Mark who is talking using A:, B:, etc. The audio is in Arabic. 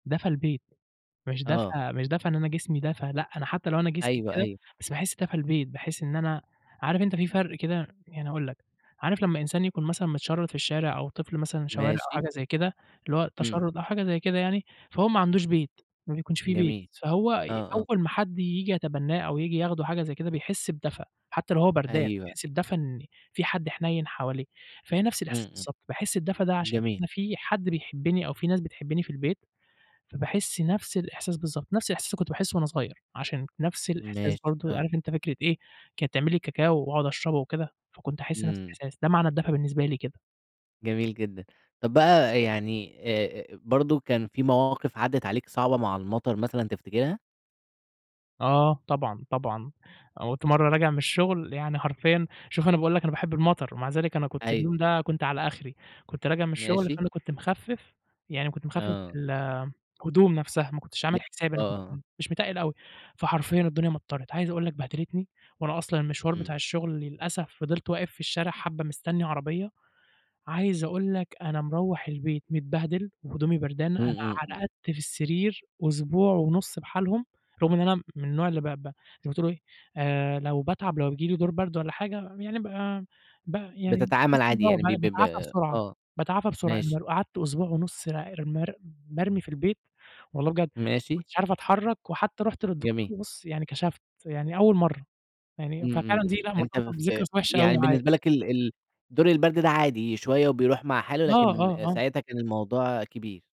A: دفا البيت، مش
B: آه.
A: دفا مش دفا إن أنا جسمي دفا لأ أنا حتى لو أنا جسمي
B: أيوه
A: كده
B: أيوه.
A: بس باحس دفا البيت باحس إن أنا عارف أنت في فرق كده يعني هاقول لك عارف لمّا إنسان يكون مثلًا متشرد في الشارع أو طفل مثلًا شوارع، أو
B: ماشي.
A: حاجة زي كده اللي هو
B: إمم.
A: التشرد أو حاجة زي كده يعني، فهو ما عندوش بيت ما بيكونش في بيت
B: جميل،
A: فهو
B: آه، آه.
A: أول ما حد ييجي يتبناه أو ييجي ياخده حاجة زي كده بيحس بدفا حتى لو هو بردان،
B: أيوه.
A: بيحس
B: أي
A: بدفا إن في حد حنين حواليه، فهي نفس
B: إمم،
A: الإحساس
B: إمم،
A: بالضبط باحس الدفا ده عشان
B: جميل.
A: إن في حد بيحبني أو في ناس بتحبني في البيت فباحس نفس الإحساس بالضبط، نفس الإحساس اللي كنت باحسه وأنا صغير، عشان نفس الإحساس
B: ماشي،
A: برضه
B: آه.
A: عارف أنت فكرة إيه كانت تعمل لي كاكاو وأقعد أشربه وكده، فكنت أحس نفس
B: إمم.
A: الإحساس ده، معنى الدفا بالنسبة لي كده.
B: جميل جدًا، طب بقى يعني آآ، برضه كان في مواقف عدت عليك صعبة مع المطر مثلًا تفتكرها؟
A: آه ،طبعًا، طبعًا، كنت مرّة راجع من الشغل يعني حرفيًا شوف أنا باقول لك أنا باحب المطر ومع ذلك أنا كنت
B: أيوه.
A: اليوم ده على آخري كنت راجع من الشغل
B: ماشي.
A: فأنا كنت مخفف، يعني كنت مخفف
B: آه.
A: ال الهدوم نفسها ماكنتش
B: ل
A: عامل حسابي أنا كنت
B: آه.
A: مش متقل أوي، فحرفيًا الدنيا مطرت، عايز أقول لك بهدلتني وأنا أصلًا المشوار
B: إمم.
A: بتاع الشغل للأسف فضلت واقف في الشارع حبة مستني عربية، عايز أقول لك أنا مروّح البيت متبهدل وهدومي بردانة
B: إمم،
A: أنا
B: إمم، إمم.
A: رقدت في السرير أسبوع ونُص بحالهم رغم إن أنا من النوع اللي ب ب زي ما تقول إيه آآ، لو باتعب أو بييجي لي دور برد ولا حاجة يعني ب ب يعني
B: بتتعمل
A: ب
B: عادي يعني ب ب
A: باتعافى
B: ب
A: بسرعة،
B: آه
A: باتعافى بسرعة،
B: ماشي.
A: قعدت أسبوع ونُص را مر مرمي في البيت والله بجد ما
B: ماشي.
A: كنتش عارف أتحرك، وحتى رُحت
B: جميل.
A: للدكتور بُص يعني كشفت يعني أول مرّة يعني،
B: إمم، إمم،
A: ففعلًا دي
B: إمم،
A: لأ
B: أنت
A: مرتبطة بذكرى
B: ف
A: كانت وحشة أوي
B: يعني
A: معايا.
B: بالنسبة لك ال ال دور البرد ده عادي، شوية و بيروح مع حاله،
A: آه،
B: لكن
A: آه، آه.
B: ساعتها كان الموضوع كبير.